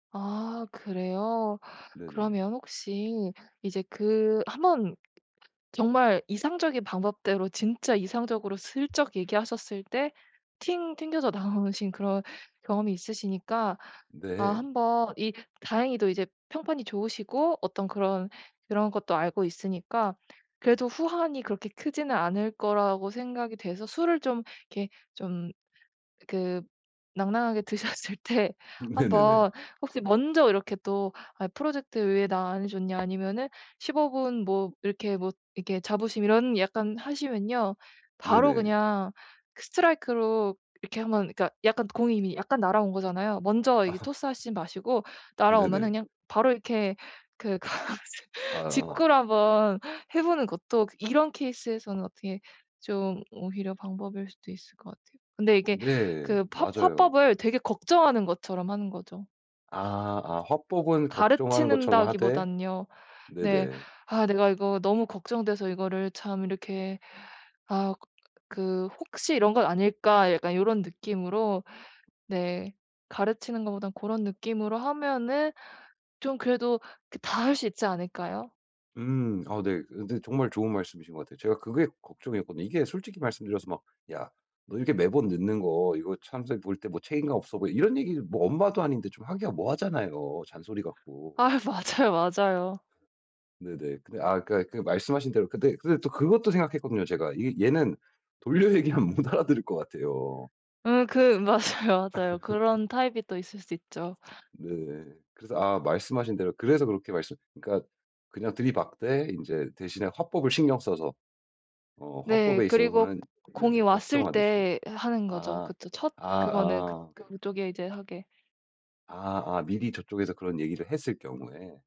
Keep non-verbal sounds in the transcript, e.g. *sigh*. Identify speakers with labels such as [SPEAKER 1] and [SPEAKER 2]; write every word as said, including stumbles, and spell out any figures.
[SPEAKER 1] 아 그래요.
[SPEAKER 2] 네네.
[SPEAKER 1] 그러면 혹시 이제 그 한번 정말 이상적인 방법대로 진짜 이상적으로 슬쩍 얘기하셨을 때 팅 튕겨져 나오신 그런 경험이 있으시니까 아
[SPEAKER 2] 네.
[SPEAKER 1] 한번 이 다행히도 이제 평판이 좋으시고 어떤 그런 그런 것도 알고 있으니까 그래도 후환이 그렇게 크지는 않을 거라고 생각이 돼서 술을 좀 이렇게 좀 그 낭낭하게 드셨을 때
[SPEAKER 2] 네네네.
[SPEAKER 1] 한번 혹시 먼저 이렇게 또 "아 프로젝트 왜 나 안 해줬냐?" 아니면은 십오 분 뭐 이렇게 뭐 이렇게 자부심 이런 약간 하시면요. 바로
[SPEAKER 2] 네네.
[SPEAKER 1] 그냥 그 스트라이크로 이렇게 한번 그러니까 약간 공이 이미 약간 날아온 거잖아요. 먼저
[SPEAKER 2] 아.
[SPEAKER 1] 이게 토스하시지는 마시고 날아오면은
[SPEAKER 2] 네네.
[SPEAKER 1] 그냥 바로 이렇게 그 가 *laughs*
[SPEAKER 2] 아아.
[SPEAKER 1] 직구를 한번 해보는 것도 그 이런 케이스에서는 어떻게 좀 오히려 방법일 수도 있을 것 같아요. 근데 이게
[SPEAKER 2] 네.
[SPEAKER 1] 그 펍
[SPEAKER 2] 맞아요.
[SPEAKER 1] 화법을 되게 걱정하는 것처럼 하는 거죠.
[SPEAKER 2] 아 아 화법은 걱정하는 것처럼
[SPEAKER 1] 가르치는다기
[SPEAKER 2] 하되
[SPEAKER 1] 보다는요. 네.
[SPEAKER 2] 네네.
[SPEAKER 1] '아 내가 이거 너무 걱정돼서 이거를 참 이렇게 아 그 혹시 이런 건 아닐까?' 약간 요런 느낌으로 네. 가르치는 것보다는 고런 느낌으로 하면은 좀 그래도 그 다 할 수 있지 않을까요?
[SPEAKER 2] 음 아 네. 근데 정말 좋은 말씀이신 것 같아요 제가 그게 걱정이었거든요. 이게 솔직히 말씀드려서 막 "야 너 이렇게 매번 늦는 거 이거 참 생각해 볼 때 뭐 책임감 없어 보여." 뭐 이런 얘기 뭐 엄마도 아닌데 좀 하기가 뭐 하잖아요. 잔소리 같고.
[SPEAKER 1] 아휴 맞아요, 맞아요.
[SPEAKER 2] 네네. 근데 아까 그 말씀하신 대로 근데 근데 또 그것도 생각했거든요 제가. 이 얘는 돌려 얘기하면 못 알아들을 것 같아요.
[SPEAKER 1] 음 그 맞아요, 맞아요.
[SPEAKER 2] *laughs*
[SPEAKER 1] 그런 타입이 또 있을 수 있죠.
[SPEAKER 2] 네. 그래서 아 말씀하신 대로 그래서 그렇게 말씀 그러니까 그냥 들이박되 인제 대신에 화법을 신경 써서. 어
[SPEAKER 1] 네.
[SPEAKER 2] 화법에
[SPEAKER 1] 그리고 고
[SPEAKER 2] 있어서는
[SPEAKER 1] 공이
[SPEAKER 2] 네네
[SPEAKER 1] 왔을
[SPEAKER 2] 걱정하듯이.
[SPEAKER 1] 때 하 하는 거죠.
[SPEAKER 2] 아
[SPEAKER 1] 그쵸. 첫
[SPEAKER 2] 아
[SPEAKER 1] 그거는 그
[SPEAKER 2] 어.
[SPEAKER 1] 그쪽에 이제 하게.
[SPEAKER 2] 아 아 미리 저 쪽에서 그런 얘기를 했을 경우에.